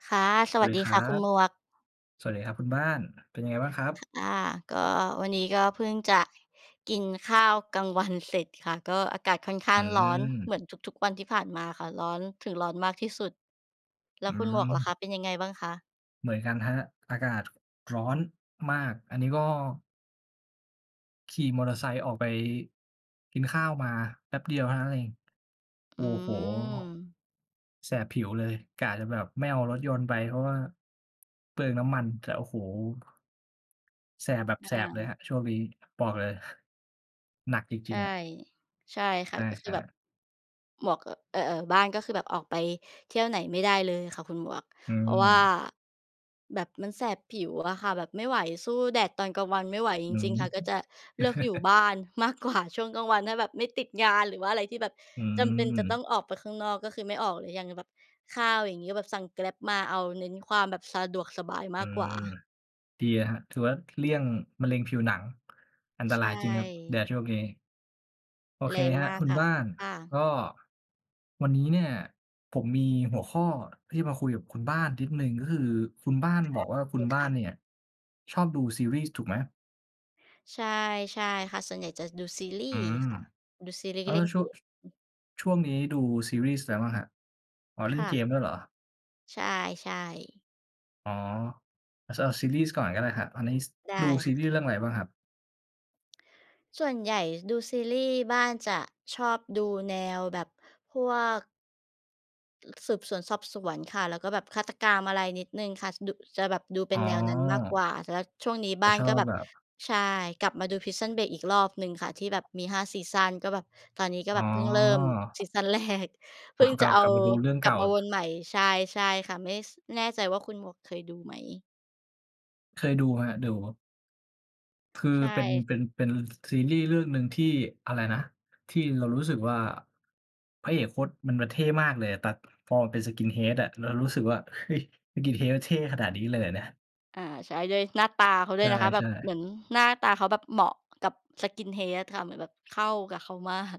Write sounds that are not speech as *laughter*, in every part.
ค่ะ สสวัวัสสดีดีคครั่ะคุณบ หมวก สวัสดีครับคุณบ้าน เป็นยังไงบ้างครับ? ค่ะ อา ก็วันนี้ก็เพิ่งจะกินข้าวกลางวันเสร็จค่ะ ก็อากาศค่อนข้อาืงร้อนเหมม ือนทุก ๆ วันที่ผ่านมาค่ะ ร้อนถึงร้อนมากที่สุด แลอ้ืวคุณหมวกกล่ะคม ะเป็นยังไงบ้างคะ? เหมือนกันครับ อากาศร้อนมาก อันนี้ก็ ขี่มอเตอร์ไซค์ออกไปกินข้าวมาแป๊บเดียวเท่านั้นเอง โออื้โฮ ม แสบผิวเลย กะจะแบบไม่เอารถยนต์ไป เพราะว่าเปลืองน้ำมัน แต่ โอ้โฮ แสบแบบอแสบเลยา ครับ ช่วงนี้ บอกเลย หนักจใชริง ่ ๆ อะ ใช่คใ่ชะ ก็คือ่ แบบ ๆ หมวก เอ่อ เอ่อ บ้านก็คือแบบออกไปเที่ยวไหนไม่ได้เลยค่ะคุณหมวก อืเพราะว่าม แบบมันแสบผิวอะค่ะ แบบไม่ไหว สู้แดดตอนกลางวันไม่ไหวจอืริง ๆ ค่ะ ก็จะม เลือกอยู่บ้า*chuckles* นมากกว่า ช่วงกลางวันถ้าแบบไม่ติดงาน หรือว่าอะไรที่แบบอืจำเป็นจะตม ้องออกไปข้างนอก ก็คือไม่ออกเลย อย่างแบบข้าว อย่างนี้ แบบสั่ง Grab มา เอาเน้นความสะดวกสบายอืมากกวม ่า ดีอะครับ ถือว่าเลี่ยงมะเร็งผิวหนัง อันตใรชายจริงครับแดด่ ช่วงนี้ โอเแรคงครับมากคุณค่บะ ้าน ค่กะ ็วันนี้เนี่ยผมมีหัวข้อที่จะมาคุยกับคุณบ้านนิดหนึ่ง ก็คือคุณบ้านใชบ่ อกว่าโอคเุคณบ้าค่นะ เนี่ยชอบดูซีรีส์ถูกไหม? ใช่ ใช่ค่ะ ส่วนใหญ่จะดูซีรีอืส์ม ค่ะ ดูซีรีแสล้์ ว เแลล่้นวชเัก่ว ม ช ช่วงนี้ดูซีรีส์ไรบ้างครับ? อ๋อ เลค่น่เกะ มด้วยเหรอ? ใช่ ๆ อ๋อ อะ เซอ ซีรีส์ก่อนก็ได้ครับ ตอนนี้ ส ไดดู้ซีคร่ีะ ส์เรื่องอะไรบ้างครับ? ส่วนใหญ่ดูซีรีส์ บ้านจะชอบดูแนวแบบพวก สืบสวนสอบสวนค่ะ แล้วก็แบบฆาตกรรมอะไรนิดหนึ่งค่ะ สะดุ จะแบบดูเปอ็๋นแนวนั้นมากกวอ ่า แล้วช่วงนี้จบะ้านชอก็บแบบ แบบ ใช่ กลับมาดู Prison Break อีกรอบหนึ่งค่ะ ที่แบบมี 5 ซีซัน ก็แบบ ตอนนี้ก็อแ๋บบเพิ่งเริ่มอ ซีซัน แรก เพอ๋ิอ ่งกจละับ เอกาลับไปดูเรื่องกเลกั่บา มาวนใหม่ ใช่ ใช่ค่ะ ไม่ ส แน่ใจว่าคุณหมวกเคยดูไหม? เคยดูไหมครับ? ดู คือใชเป็น ่ เป็น เป็น ซีรีส์เรื่องหนึ่งที่ อะไรนะ ที่เรารู้สึกว่า พระเอกโคตร มัน มันเท่มากเลยอะ ตัด พอเป็น skinhead อะ เรารู้สึกว่า "เฮ้ย skinhead เท่ขนาดนี้เลยเหรอเนี่ย?" อา ใช่ ด้วยหน้าตาเขาด้ใวยนะคะ แบชบ่ เหมๆ ือนหน้าตาเขาแบบเหมาะกับ skinhead ค่ะ เหมือนแบบเข้ากับเขา มาก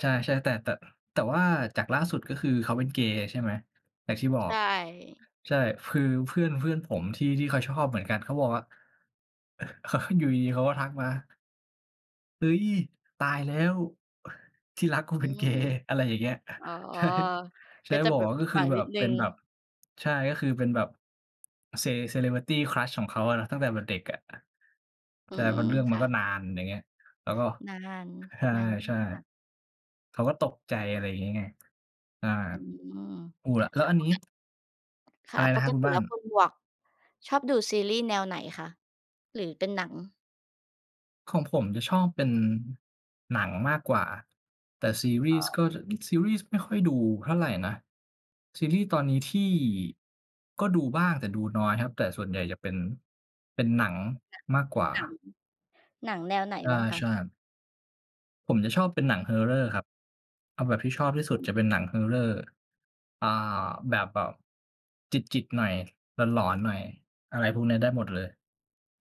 ใช่ ๆ แต่ แต่ แต่ว่าจากล่าสุด ก็คือเขาเป็นเกย์ใช่ไหม? อย่างที่บอใชก ่ ใช่ คือเพื่อน เพื่อนผมที่ ที่เขาชอบเหมือนกัน เขาบอกว่า อ *chuckles* อยู่ดี ๆ เขาก็ทักมา "เฮ้ย ตายแล้ว ที่รักกูอเืป็นเกม ย์" อะไรอย่างเงี้ย อ๋อ ใช่ ใชก่ ็จะบอแกบวบ่า ผกิ็ดคหืวอังแบนิบ ดหนเึป่็นง แบบ ใช่ ก็คือเป็นแบบ ce celebrity crush ของเขาอะเนาะ ตั้งแต่แบบเด็กอะ อืใช่ เพรม าะเรื่องคมัน่ก็ะ นาน อย่างเงี้ย แล้วก็ นาน นใช่ านมใชา่ ก เขาก็ตกใจ อะไรอย่างงี้ไง อ่า อืม *unintelligible* แล้วอันนี้ *unintelligible* ค่อะ ะไรปนะครกับคุติณบแ้ลา้น? วคุณหมวกชอบดูซีรีส์แนวไหนคะ หรือเป็นหนัง? ของผมจะชอบเป็นหนังมากกว่า แต่ซีรี่ส์ก็จะ ซีรีส์ไม่ค่อยดูเท่าไรนะ ซีรีส์ตอนนี้ที่ ก็ดูบ้างแต่ดูน้อยครับ แต่ส่วน ใหญ่จะเป็น เป็นหนังมากกว่า หนะ หนัง หนังแนวไหนอบา ้างคใะ? ช่ครับ ผมจะชอบเป็นหนัง Horror ครับ เอาแบบที่ชอบที่สุอด ืจะเป็นม หนัง Horror เอ่อ แบบ แบบ แบบจิต ๆ หน่อย หลอน ๆ หน่อย อะไรพวกเนี้ยได้หมดเลย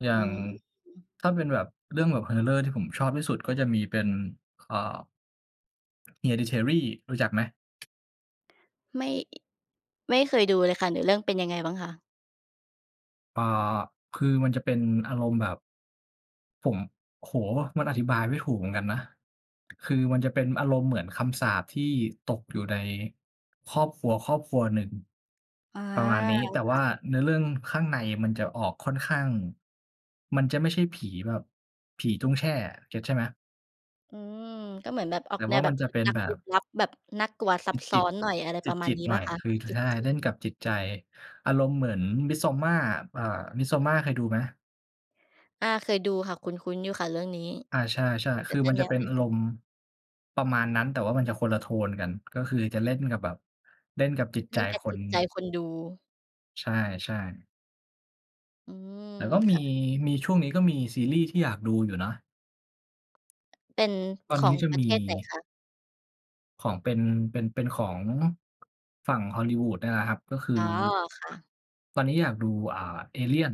อยอ่ืาองฮึ อืม ถ้าเป็นแบบ เรื่องแบบ Horror ที่ผมชอบที่สุด ก็จะมีเป็น เอ่อ Hereditary รู้จักไหม? ไม่ ไม่เคยดูเลยค่ะ เนื้อเรื่องเป็นยังไงบ้างคะ? อา คือมันจะเป็นอารมณ์แบบ ผม โอ้โฮ มันอธิบายไม่ถูกเหมือนกันนะ คือมันจะเป็นอารมณ์เหมือนคำสาปที่ตกอยู่ในครอบครัว ๆ หนึ่ง อา ประมาณนี้ แต่คว่่าะ เนื้อเรื่องข้างในมันจะออกค่อนข้าง มันจะไม่ใช่ผีแบบผีตุ้งแช่อะ เก็ตใช่ไหม? อืม ก็เหมือนแบบออแตก่แนว่าวแมบับนจะลึเปก็นลักแบลึบ กลับ แบบน่ากลัวซับซจ้อิต น หน่อย อะไรๆ ประมจาณิต นี้ๆ หเนปล่่อาย คะ? คือ ช จิใช่ เต ๆ ล่นกับจิตใจ อารมณ์เหมือน Midsommar อ่า Misommar เคยดูไหม? อา เคยดูค่ะ คุ้น ๆ อยู่ค่ะ เรื่องนี้ อา ใช่ ๆ กค็ือจมะันแจนะเวป็นเรื่ออารง มณ์ ประมาณนั้น แต่ว่ามันจะคนละโทนกัน ก็คือจะเล่นกับแบบเล่นกับจิตใเลจ่นกับคจน ิตใจคนดู ใช่ ๆ อืม แต่ก็มคี ่ะ มี ช่วงนี้ก็มีซีรีส์ที่อยากดูอยู่นะ เป็นตอขนนอี้งจะประมเที ศไหนคะ? ของเป็น เป็น เป็นของ ฝั่ง Hollywood เนี่ยแหละครับ ก็คือ อ๋อ ค่ะ ตอนนี้อยากดู อ่า Alien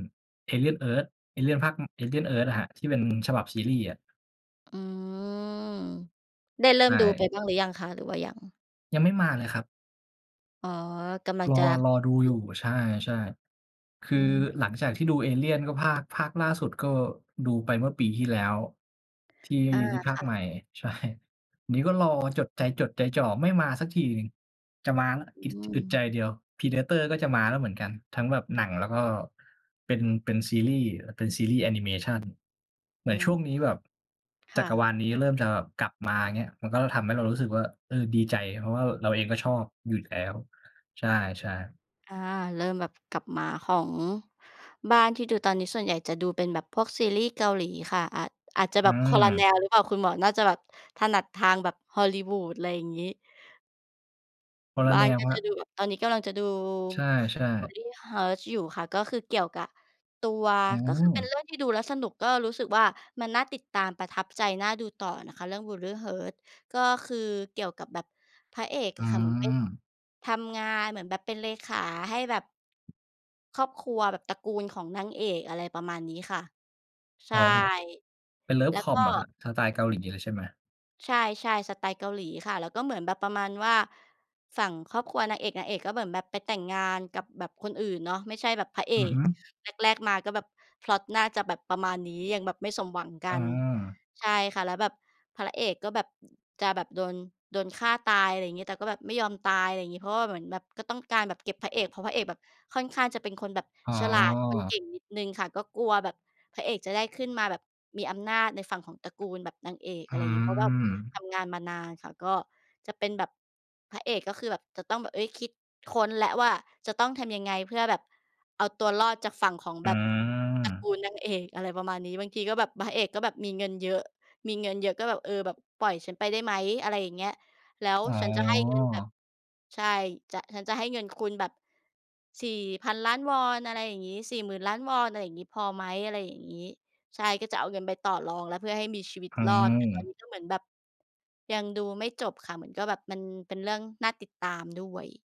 Alien Earth Alien ภาค อือ Alien Earth น่ะครับ ที่เป็น ฉบับซีรีส์อะ อืม ได้เริ่ใชมดูไป่ บ้างหรือยังคะ? หรือว่ายัง? ยังไม่มาเลยครับ อ๋อ กำลังรจอ ะรอดูดอยู ู่ ใช่ ๆ คืออืม หลังจากที่ดู Alien ก็ ภาค ภาคล่าสุดก็ดูไปเมื่อปีที่แล้ว ที่ อา ที่ภาคค่ใะ หม่ ใช่ นี้ก็รอจด ใจจดใจจ่อ ไม่มาสักทีหนึ่ง จะมาแล้ว ออีก ืจ อึดใจม เดียว Predator ก็จะมาแล้วเหมือนกัน ทั้งแบบหนังแล้วก็เป็น เป็นซีรีส์ เป็นซีรีส์แอนิเมชัน เหมืออืนชม ่วงนี้แบบ คจั่กรวะ าลนี้เริ่มจะกลับมา อย่างเงี้ย มันก็ทำให้เรารู้สึกว่า เออ ดีใจ เพราะว่าแบบเราเองก็ชอบอยู่แล้ว ใช่ ๆ อา เริ่มแบบกลับมา ของบ้านที่ดูตอนนี้ส่วนใหญ่จะดูเป็นแบบพวกซีรีส์เกาหลีค่ะ อาจ อาจจะอืแบบคนละแม นวหรือเปล่า? คุณหมวกน่าจะแบบถนัดทางแบบ Hollywood ไรอย่างงี้ คนลบะ้าแนนวก็ครจะับ ดูแบบ ตอนนี้กำลังจะดู ใช่ ๆ Buried Hearts อยู่ค่ะ ก็คือเกี่ยวกับตัว อืก็คือเป็นเม รื่องที่ดูแล้วสนุก ก็รู้สึกว่า มันน่าติดตาม ประทับใจ น่าดูต่อนะคะ เรื่อง Buried Hearts ก็คือเกี่ยวกับแบบพระเอกออืะค่ะ เหมือนไป ม ทำงาน เหมือนแบบเป็นเลขาให้แบบ ครอบครัวแบบตระกูลของนางเอก อะไรประมาณนี้ค่ะ ใชอ๋อ ่ เป็น เป็นเลิแฟล้ควอกม็ เหรอครับ? สไตล์เกาหลีเลย ใช่ไหม? ใช่ ๆ สไตล์เกาหลีค่ะ แล้วก็เหมือนแบบประมาณว่า ฝั่งครอบครัวนางเอก นางเอกก็เหมือนแบบไปแต่งงานกับแบบคนอื่นเนาะ ไม่ใช่แบบพระเออือก ฮึ แรก ๆ มาก็แบบพล็อตน่าจะแบบประมาณนี้ ยังแบบไม่สมหวังกัอา น ใช่ค่ะ แล้วแบบพระเอกก็แบบจะแบบโดน โดนฆ่าตาย อะไรอย่างงี้ แต่ก็แบบไม่ยอมตาย อะไรอย่างงี้ เพราะว่าเหมือนแบบก็ต้องการแบบเก็บพระเอก เพราะพระเอกแบบค่อนข้างจะเป็นคนแบบอ๋ฉลาด คนเอ ก่งนิดหนึ่งค่ะ ก็กลัวแบบพระเอกจะได้ขึ้นมาแบบมีอำนาจในฝั่งของตระกูลแบบนางเอก ออะไรืงี้ เพราะว่าทม ำงานมานานค่ะ ก็จะเป็นแบบพระเอกก็คือแบบ จะต้องแบบ เอ๊ย คิดค้นแล้วว่า จะต้องทำยังไงเพื่อแบบเอาตัวรอดจากฝั่งของอืแบบตระกม ูลนางเอก อะไรประมาณนี้ บางทีก็แบบพระเอกก็แบบมีเงินเยอะ มีเงินเยอะก็แบบ เออ แบบปล่อยฉันไปได้ไหม อะไรอย่างเงี้ย แล้วอ๋ฉันจะให้เงินแบบ อ ใช่ จะ ฉันจะให้เงินคุณแบบ 4,000,000,000 วอน อะไรอย่างงี้ 40,000,000,000 วอน อะไรอย่างงี้ พอไหม อะไรอย่างงี้ ใช่ ก็จะเอาเงินไปต่อรองแล้วเพื่อให้มีชีวิตอืรอด แต่ตอนนม ี้ก็เหมือนแบบยังดูไม่จบค่ะ เหมือนก็แบบมันเป็นเรื่องน่าติดตามด้วย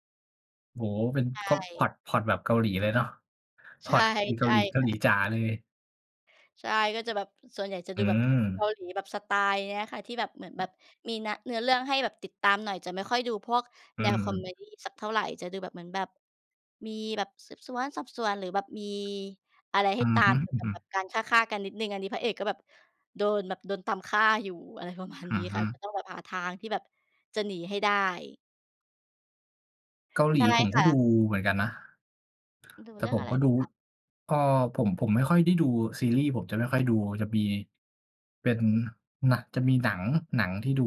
โอ้โฮ เป็น ใชก็พล็่ อต พล็อตแบบเกาหลีเลยเนาะ พใชล็อ่ ตเกใาชห่ลี เกาคห่ลีะ จ๋าเลย ใช่ ก็จะแบบ ส่วนใหญ่จะอดูืแบบเกาม หลีแบบสไตล์เนี้ยค่ะ ที่แบบเหมือนแบบมีนะ เนื้อเรื่องให้แบบติดตามหน่อย จะไม่ค่อยดูพวกอืแนวคอเมม ดีสักเท่าไร จะดูแบบ เหมือนแบบ มีแบบสืบสวนสอบสวน หรือแบบมีอะไรใหอ้ืตอาฮม ึ เกี่ยวกับแบบๆ การฆ่า ๆ กันนิดหนึ่ง อันนี้พระเอกก็แบบโดนแบบโดนตามฆ่าอยู่ อะไรประมาณอนีื้อฮค่ึ ะ ก็ต้องแบบหาทางที่แบบจะหนีให้ได้ เกาหใลชี่ผมคก็่ดูะ เหมือนกันนะ ดูแตเ่รื่อผงอมะไรก็บดู้ างคะ? ก็ผม ผมไม่ค่อยได้ดูซีรีส์ ผมจะไม่ค่อยดู จะมีเป็นหนัง จะมีหนัง หนังที่ดู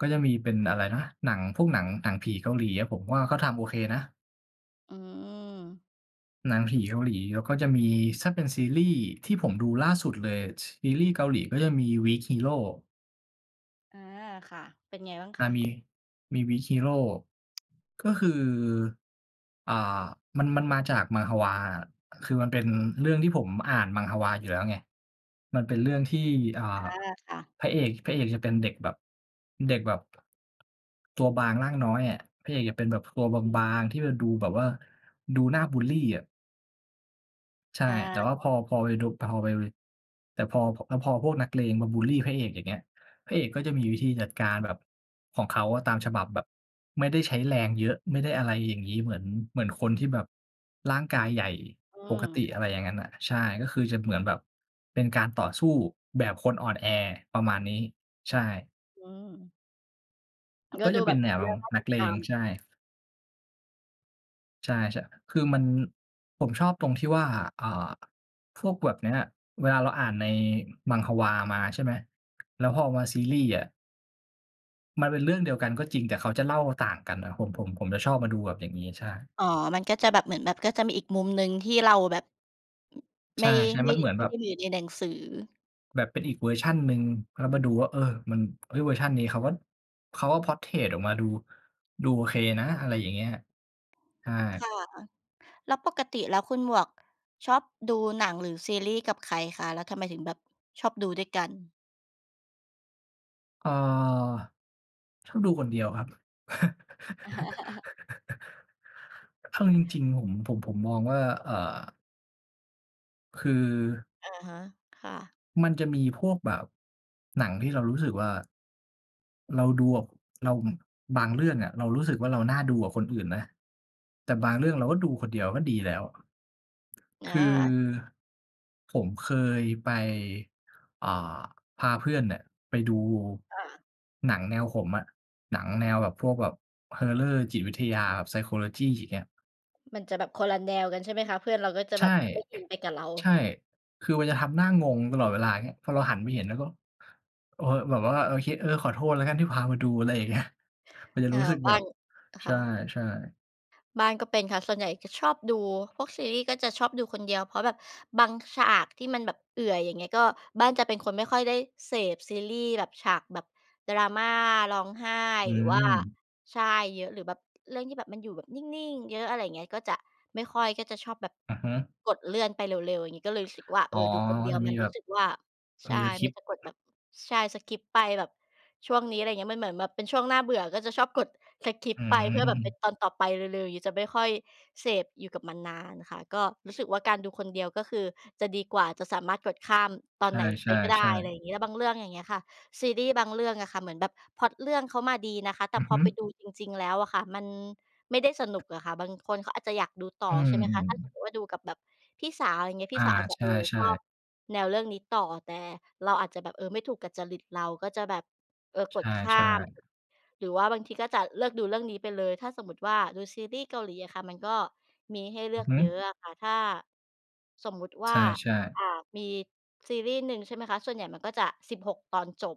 ก็จะมีเป็นอะไรนะ หนังพวกหนัง หนังผีเกาหลีอะ ผมว่าเขาทำโอเคนะ อืม หนังผีเกาหลี แล้วก็จะมี ถ้าเป็นซีรี่ส์ที่ผมดูล่าสุดเลย ซีรี่ส์เกาหลีก็จะมี Weak Hero อา ค่ะ เป็นไงบ้างอคา ะ? มี มี Weak Hero ก็คือ อ่า มัน มันมาจาก Manhwa อะ คือ มันเป็นเรื่องที่ผมอ่าน Manhwa อยู่แล้วไง มันเป็นเรื่องที่ อ่อา า ค่ะ พระเอก พระเอกจะเป็นเด็กแบบ เด็กแบบ ตัวบางร่างน้อยอะ พระเอกจะเป็นแบบตัวบาง ๆ ที่มันดูแบบว่า ดูหน้าบุลลีอะ ใชอ่ า แต่ว่าพอ พอไปดู พอไป แต่พอ พอพวกนักเลงมาบุลลีพระเอกอย่างเงี้ย พระเอกก็จะมีวิธีจัดการแบบของเขาอะตามฉบับแบบไม่ได้ใช้แรงเยอะ ไม่ได้ อะไรอย่างงี้ เหมือน เหมือนคนที่แบบร่างกายใหญ่อืปกมติ คอ่ะไะ รอย่างนั้นน่ะ ใช่ ก็คือจะเหมือนแบบเป็นการต่อสู้แบบคนอ่อนแอประมาณนี้ ใช่ อืม กก็็ดจูะเแป็บนบแนเนื้อวเรื่องน่านัตกิดเลตาง ม ใช่ ใช่ ชะ คือมันผมชอบตรงที่ว่า อ่า พวกแบบเนี้ย เวลาเราอ่านใน Manhwa มา ใช่ไหม แล้วพอมาซีรีส์อะ มันเป็นเรื่องเดียวกันก็จริง แต่เขาจะเล่าต่างกันนะ ผม ผม ผมจะชอบมาดูแบบ อย่างนี้ ใช่ อ๋อ มันก็จะแบบเหมือนแบบก็จะมีอีกมุมหนึ่งที่เราแบบ ใไชม่ ่ ไๆ มมั่ นเหมือนไมแ่บไบ ด้อยู่ในหนังสือ แบบเป็นอีกเวอร์ชันหนึ่ง แล้วมาดูว่า เออ มัน เอ๊ย เวอร์ชันนี้เขาก็ เขาก็ Portrait ออกมาดู ดูโอเคนะ อะไรอย่างเงี้ย ใช่ ค่ะ แล้วปกติแล้วคุณหมวกชอบดูหนังหรือซีรีส์กับใครคะ? แล้วทำไมถึงแบบชอบดูด้วยกัน? เอ่อ ชอบดูคนเดียวครับ *laughs* *laughs* เอาจริง ๆ ผม ผม ผมมองว่า เอ่อ คือ อะฮะ ค่ะ มันจะมีพวกแบบหนังที่เรารู้สึกว่า เราดู อ เรา อ บางเรื่องอะ เรารู้สึกว่าเราน่าดูกับคนอื่นนะ แต่บางเรื่อง เราก็ดูคนเดียวก็ดีแล้ว อคือา ผมเคยไป เอ่อ พาเพื่อนเนี่ยไปดูอา หนังแนวผมอะ หนังแนวแบบ พวกแบบ Horror จิตวิทยา Psychology อย่างเงี้ย มันจะแบบคนละแนวกันใช่ไหมคะ? เพื่อนเราก็จะใชแบ่ บไม่อินไปกับเรา ใช่ คือมันจะทำหน้างงตลอดเวลา อย่างเงี้ย พอเราหันไปเห็นเราก็ เออ แบบว่า โอเค เออ ขอโทษแล้วกันที่พามาดู อะไรอย่าง เงี้ย มันจะเออ รู้สึกบแบ้าบ น คใ่ะ ช่ ๆ บ้านก็เป็นค่ะ ส่วนใหญ่จะชอบดูพวกซีรี่ส์ก็จะชอบดูคนเดียว เพราะแบบบางฉากที่มันแบบเอื่อย อย่างเงี้ย ก็ บ้านจะเป็นคนไม่ค่อยได้เสพซีรี่ส์แบบฉากแบบดราม่าร้องไห้ อืหรือว่า ม ใช่ เยอะ หรือแบบ เรื่องที่แบบมันอยู่แบบนิ่ง ๆ เยอะ อะไรอย่างเงี้ย ก็จะไม่ค่อย ก็จะชอบแบบอือฮึ กดเลื่อนไปเร็ว ๆ อย่างงี้ ก็เลยรู้สึกว่า เออ๋อ อ ดูคนเดียจวะมมัีนแบรู้บ สึกว่า ใชม่ ี มันSkip จะกดแบบ ใช่ Skip ไปแบบช่วงนี้ อะไรอย่างเงี้ย มันเหมือนแบบเป็นช่วงน่าเบื่อ ก็ชอบกด Skip อืไปเพื่อแบบเป็ม นตอนต่อไปเร็ว ๆ อย่างงี้ จะไม่ค่อยเสพอยู่กับมันนานค่ะ ก็รู้สึกว่าการดูคนเดียว ก็คือจะดีกว่า จะสามารถกดข้ามตอในไหนชไปก็ได้ ่ อะไรๆ ๆ อย่างงี้ แล้วบางเรื่อง อย่างเงี้ยอะค่ะ ซีรี่ส์บางเรื่องอะค่ะเหมือนแบบพล็อตเขามาดีนะคะ แตอ่ือพฮอึ ไปดูจริง ๆ แล้วอะค่ะมันไม่ได้สนุกอะค่ะ บางคนเขาอาจจะอยากดูต่ออ ืใม ช่ไหมคะ? ถ้าสมๆ มุติว่าดูกับแบบพี่สาว อะไรอย่างเงี้ย พอี่า สาวอาจจะ ใเอ่อ ชช่ อบๆ แนวเรื่องนี้ต่อ แต่เราอาจจะแบบ เออ ไม่ถูกกับจริตเรา ก็จะแบบ เออ ใกดข้าช่ ม ๆ หรือว่าบางทีก็จะเลิกดูเรื่องนี้ไปเลย ถ้าสมมุติว่าดูซีรี่ส์เกาหลีอะค่ะ มันก็มีให้เลอืืออกฮึ เยอะอะค่ะ ถ้าสมมติวใ่ชา ่ ๆ อ่า มีซีรีย์หนึ่ง ใช่ไหมคะ? ส่วนใหญ่มันก็จะ 16 ตอนจบ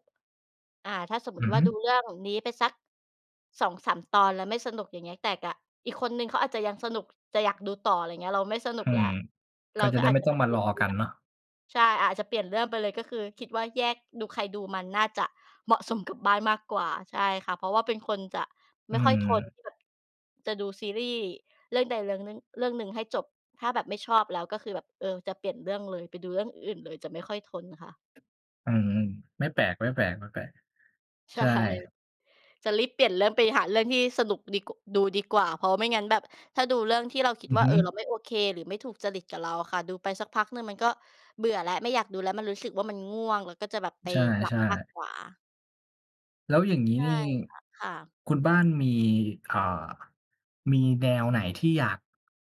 อ่า ถ้าสมมุอืติอวฮ่าึ ดูเรื่องนี้ไปสัก 2-3 ตอนแล้วไม่สนุก อย่างเงี้ย แต่กับอีกคนหนึ่งเขาอาจจะยังสนุกจะอยากดูต่อ อะไรอย่างเงี้ย เราไม่สนุอกืแหละ ม เกรา็จะ ก็ได้อาไจม่จะต้แอบงบมาเปลีร่ยนอเรื่กันอง เนาะ ใช่ อาจจะเปลี่ยนเรื่องไปเลย ก็คือคิดว่าแยกดูใครดูมันน่าจะ เหมาะสม กับบ้านมากกว่า ใช่ค่ะ เพราะว่าเป็นคนจะอไืม่อ ค่อยทนที่แบบจะดูซีรีย์เรื่องใด เรื่องหนึ่ง เรื่องหนึ่งให้จบ ถ้าแบบไม่ชอบแล้ว ก็คือแบบ เออ จะเปลี่ยนเรื่องเลย ไปดูเรื่องอื่นเลย จะไม่ค่อยทนค่ะ อืม ๆ ไม่แปลก ๆ ใๆ ชใช่ ่ จะรีบเปลี่ยนเรื่องไปหาเรื่องที่สนุกดี ก ดูดีกว่าเพราะไม่งั้นแบบ ถ้าดูเรื่องที่เราคิดอืวอ่า ฮเอึ อ เราไม่โอเค หรือไม่ถูกจริตกับเราอะค่ะ ดูไปสักพักหนึ่ง มันก็เบื่อและไม่อยากดูแล้ว มันรู้สึกว่ามันง่วง แล้วก็จะแบบไปใชหลับ่ มากๆ กว่า แล้วอย่างงี้ใชน่ี่ ค่ะ ค่ะ คุณบ้านมี อ่า มีแนวไหนที่อยาก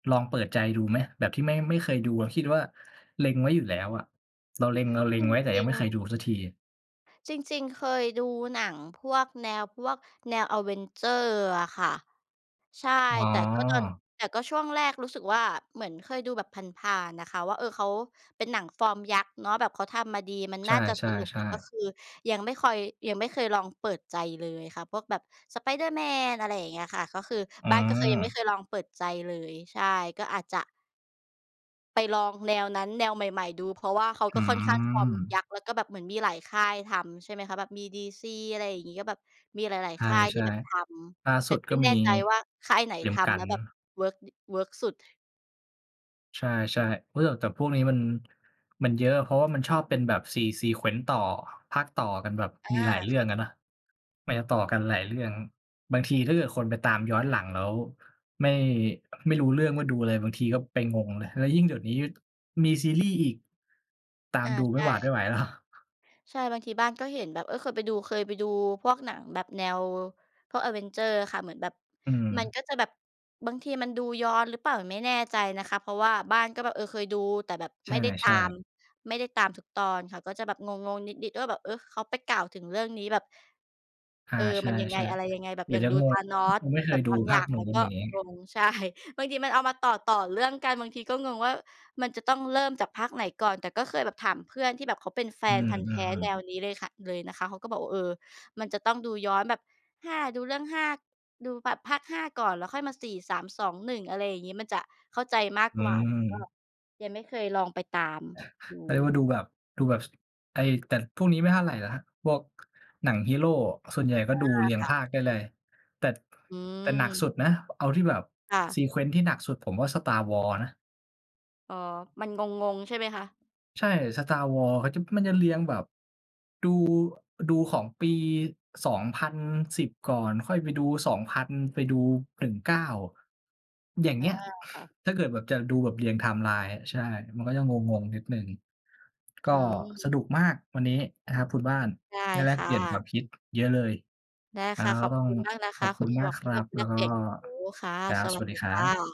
ลองเปิดใจดูไหม? แบบที่ไม่ ไม่เคยดู แล้วคิดว่า เล็งไว้อยู่แล้วอะ เราเล็ง เราเล็จงไว้ แต่ยรัิงไง ม่เคยๆ ดูสักทีอะ จริง ๆ เคยดูหนังพวกแนว พวกแนว Avengers อะค่ะ ใช่ อ๋แต่ก็ตอน อ แต่ก็ช่วงแรกรู้สึกว่า เหมือนเคยดูแบบผ่าน ๆ น่ะค่ะว่า เออ เขาเป็นหนังฟอร์มยักษ์เนาะ แบบเขาทำมาดี มันใชน่าจะสนุก แต่ ่ก็ๆ ๆ คือยังไม่คอย ยังไม่เคยลองเปิดใจเลยค่ะ พวกแบบ Spider-Man อะไรอย่างเงี้ยค่ะ ก็คือ อืบ้านก็คือยังไม่เม คยลองเปิดใจเลย ใช่ ก็อาจจะ ไปลองแนวนั้น แนวใหม่ ๆ ดู เพราะว่าเขาอืก็ค่อนข้างฟอร์มยัม กษ์ แล้วก็แบบเหมือนมีหลายค่ายทำใช่ไหมคะ แบบมี DC อะไรอย่างงี้ ก็แบบมีหลาย ใชๆ ค่ายที่่ แบบทๆ ล่าำ แสตุ่ดกไม็่แมนี ่ใจว่า ค่ายไหนเตรียทมกัำแลน ้วแบบเวิร์กดิ เวิร์กสุด ใช่ ๆ เฮ้ย โย่ะ แต่พวกนี้มัน มันเยอะ เพราะว่ามันชอบเป็นแบบ se sequence ต่อ ภาคต่อกันแบบอมีหลายา เรื่องอะเนาะ มันจะต่อกันหลายเรื่อง บางทีถ้าเกิดคนไปตามย้อนหลังแล้วไม่ ไม่รู้เรื่องอา ว่า ดูค่ะ อะไร บางทีก็เป็น งงนะ แล้วยิ่งเดี๋ยวนี้มีซีรีส์อีก ตาอมา ดูไใมช่หวาดไม่่ ไหว แล้ว ใช่ บางทีบ้านก็เห็นแบบ เออ เคยไปดู เคยไปดูพวกหนังแบบแนวพวก Avengers อะค่ะ เหมือนแบบ อืมันม ก็จะแบบบางทีมันดูย้อนหรือเปล่า ไม่แน่ใจนะคะ เพราะว่าบ้านก็แบบ เออ เคยดู แต่แบบใไม่ได้ตชา่ ม ๆ ไม่ได้ตามทุกตอนค่ะ ก็จะแบบงง ๆ นิด ๆ ว่า แบบ เออ เขาไปกล่าวถึงเรื่องนี้แบบ อา เออ ใชมันยังไง ่ อะไรยังไง แบๆ บเดี๋อยย่วาจงะดู งง Thanos ยังไม่เคแบยบดูบางภอยา่าคงนู้มันน ก็อย่างงี้ งง ใช่ บางทีมันเอามาต่อ ๆ เรื่องกัน บางทีก็งงว่า มันจะต้องเริ่มจากภาคไหนก่อน แต่ก็เคยแบบถามเพื่อนที่แบบเขาเป็นแฟอืนพันธุ์แท้อ แนๆ ๆ วนี้เลยค่ะ เลยนะคะ เขาก็บอกว่า เออ มันจะต้องดูย้อนแบบ 5 ดูเรื่อง 5 ดูแบบภาค 5 ก่อน แล้วค่อยมา 4 3 2 1 อะไรอย่างงี้ มันจะเข้าใจมากอืกว่า แต่ก็ม ยังไม่เคยลองไปตามด*chuckles* เขาเรียกวู ่า ดูแบบ ดูแบบ ส ไอ้ แต่พวกนี้ไม่เท่าไรนะ พวกหนังฮีโร ส่วนใหญ่ก็อา ดูเรียงค่ภะ าคได้เลย แต่ อืแต่หนักสม ุดนะ เอาที่แบบ ค่ะ sequence ที่หนักสุด ผมว่า Star Wars นะ อ๋อ มันงง ๆ ใช่ไหมคะ? ใช่ Star Wars เขาจะ มันจะเรียงแบบ ดู ดูของปี 2010 ก่อน ค่อยไปดู 2000 ไปดู 19 อย่างอเงีา ้ย ค่ะ ถ้าเกิดแบบจะดูแบบเรียง ไทม์ไลน์ ใช่ มันก็จะงง ๆ นิดหนึ่ง ก็อืสม นุกมาก วันนี้ นะครับคุณบ้าน ได้ได้แลคก่เปลี่ยนควาะ มคิดเยอะเลย ได้อา ค่ะ ขก็อบต้องคุณมากนะขคอะบคคุุณณหมมาวกก คทีร่ัแบบ บแแลล้วกก็ เปลี่ยนความรู้ ค่ะ ครัสบ สวัวสัสดดีีคครั่บ ะ